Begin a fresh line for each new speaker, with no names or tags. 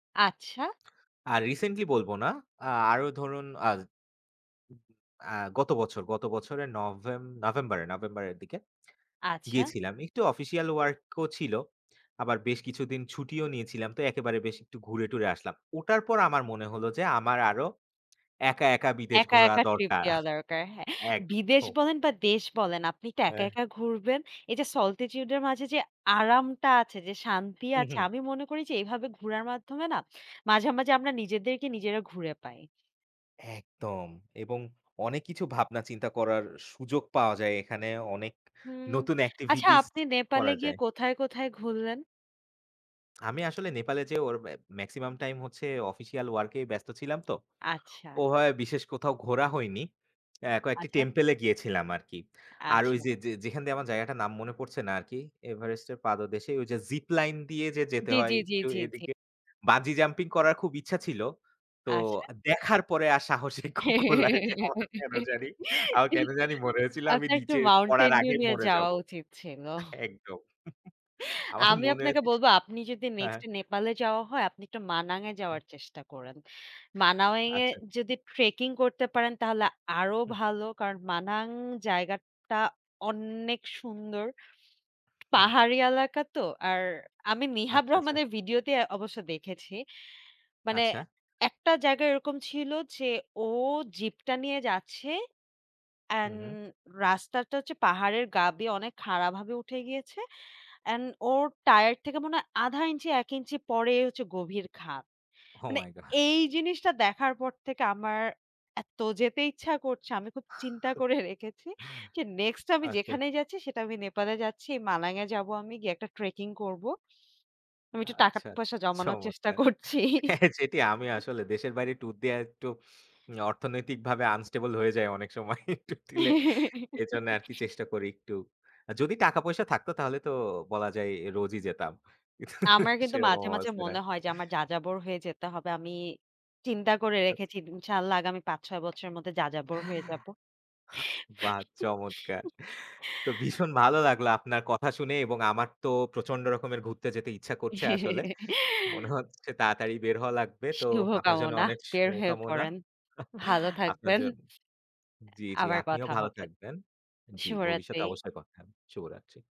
আচ্ছা।
আর রিসেন্টলি বলবো না, আরো ধরুন আ আ গত বছর, গত বছরের নভেম নভেম্বর নভেম্বরের দিকে
আচ্ছা।
গিয়েছিলাম। একটু অফিসিয়াল ওয়ার্ক ও ছিল। আবার বেশ কিছুদিন ছুটিও নিয়েছিলাম, তো একেবারে বেশ একটু ঘুরে টুরে আসলাম। ওটার পর আমার মনে হল যে আমার আরো একা একা বিদেশ
একা,
ঘোরা
একা ট্রিপ
দরকার।
দেওয়া দরকার। হ্যাঁ, বিদেশ
একদম।
বলেন বা দেশ বলেন। আপনি তো একা,
হ্যাঁ।
একা ঘুরবেন। এই যে solitude এর মাঝে যে আরামটা আছে, যে শান্তি
হুম,
আছে।
হুম।
আমি মনে করি যে, এভাবে ঘুরার মাধ্যমে না মাঝে মাঝে আমরা নিজেদেরকে নিজেরা ঘুরে পাই।
একদম এবং অনেক কিছু ভাবনা চিন্তা করার সুযোগ পাওয়া যায়, এখানে অনেক
হুম।
নতুন
আচ্ছা,
এক্টিভিটিস
আপনি নেপালে
করা
গিয়ে
যায়।
কোথায় কোথায় ঘুরলেন?
আমি আসলে নেপালে যে ওর মেক্সিমাম টাইম হচ্ছে অফিসিয়াল ওয়ার্ক এ ব্যস্ত ছিলাম তো।
আচ্ছা।
ওভাবে বিশেষ কোথাও ঘোরা হয়নি। এ কয়েকটি
আচ্ছা।
টেম্পল এ গিয়েছিলাম আরকি। আর ওই
আচ্ছা।
যে যে যেখান দিয়ে আমার জায়গাটার নাম মনে পড়ছে না আরকি। এভারেস্টের পাদদেশে, ওই যে জিপ লাইন দিয়ে যে যেতে
জ্বী,
হয়
জ্বী, জ্বী,
একটু
জ্বী, জ্বী।
এদিকে। বাঞ্জি জাম্পিং করার খুব ইচ্ছা ছিল। তো
আচ্ছা।
দেখার পরে আর সাহসিক কু কুলায়নি আমার কেন জানি আমার কেন জানি মরে হয়েছিল আমি
আপনার একটু
নিচে পড়ার
Mountain Dew
আগেই
নিয়ে
মরে
যাওয়া
যাব।
উচিত ছিল।
একদম। আমার
আমি
মনে
আপনাকে
আছে
বলব আপনি যদি
হ্যাঁ।
নেক্সট নেপালে যাওয়া হয়, আপনি একটু মানাং এ
হুম।
যাওয়ার চেষ্টা করেন। মানাওং এ
আচ্ছা।
যদি ট্রেকিং করতে পারেন তাহলে আরো
হুম।
ভালো কারণ মানাং জায়গাটা অনেক সুন্দর।
হুম।
পাহাড়ি এলাকা তো, আর আমি নিহাব
আচ্ছা, আচ্ছা।
রহমানের ভিডিওতেই অবশ্যই দেখেছি। মানে
আচ্ছা।
একটা জায়গা এরকম ছিল যে, ও জিপ টা নিয়ে যাচ্ছে।
হুম,
অ্যান্ড
হুম।
রাস্তাটা হচ্ছে পাহাড়ের গা দিয়ে অনেক খাড়াভাবে উঠে গিয়েছে। অ্যান্ড ওর টায়ার থেকে মনে হয় ১,৫ ইঞ্চি ১ ইঞ্চি পরে হচ্ছে গভীর খাদ।
ওহ
মানে
মাই গড।
এই জিনিসটা দেখার পর থেকে আমার এত যেতে ইচ্ছা করছে। আমি খুব চিন্তা করে রেখেছি যে নেক্সট আমি
আচ্ছা।
যেখানেই যাচ্ছি সেটা আমি নেপালে যাচ্ছি। মানাং এ যাব আমি, গিয়ে একটা ট্রেকিং করবো। আমি একটু টাকা
আচ্ছা, আচ্ছা
পয়সা জমানোর চেষ্টা
চমৎকার।
করছি।
যেটি আমি আসলে দেশের বাইরে টুর দেওয়া একটু উম অর্থনৈতিকভাবে আনস্টেবল হয়ে যায় অনেক সময় ট্যুর দিলে। এজন্য আরকি চেষ্টা করি একটু। যদি টাকা পয়সা থাকতো তাহলে তো বলা যায় রোজই যেতাম। কিন্তু
আমার কিন্তু
সেরকম
মাঝে মাঝে
অবস্থা না।
মনে হয় যে আমার যাযাবর হয়ে যেতে হবে। আমি চিন্তা করে
আচ্ছা।
রেখেছি। ইনশাআল্লাহ আগামী ৫-৬ বছরের মধ্যে যাযাবর হয়ে যাব।
বাহ চমৎকার! তো ভীষণ ভালো লাগলো আপনার কথা শুনে এবং আমার তো প্রচণ্ড রকমের ঘুরতে যেতে ইচ্ছা করছে আসলে। মনে হচ্ছে তাড়াতাড়ি বের হওয়া লাগবে। তো আপনার জন্য
শুভকামনা।
অনেক
বের হয়ে
শুভকামনা।
পড়েন। ভালো
আপনার
থাকবেন।
জন্য জ্বি, জ্বি
আবার
আপনিও
কথা
ভালো
হবে।
থাকবেন। জ্বি,
শুভরাত্রি।
ভবিষ্যতে অবশ্যই কথা হবে। শুভরাত্রি।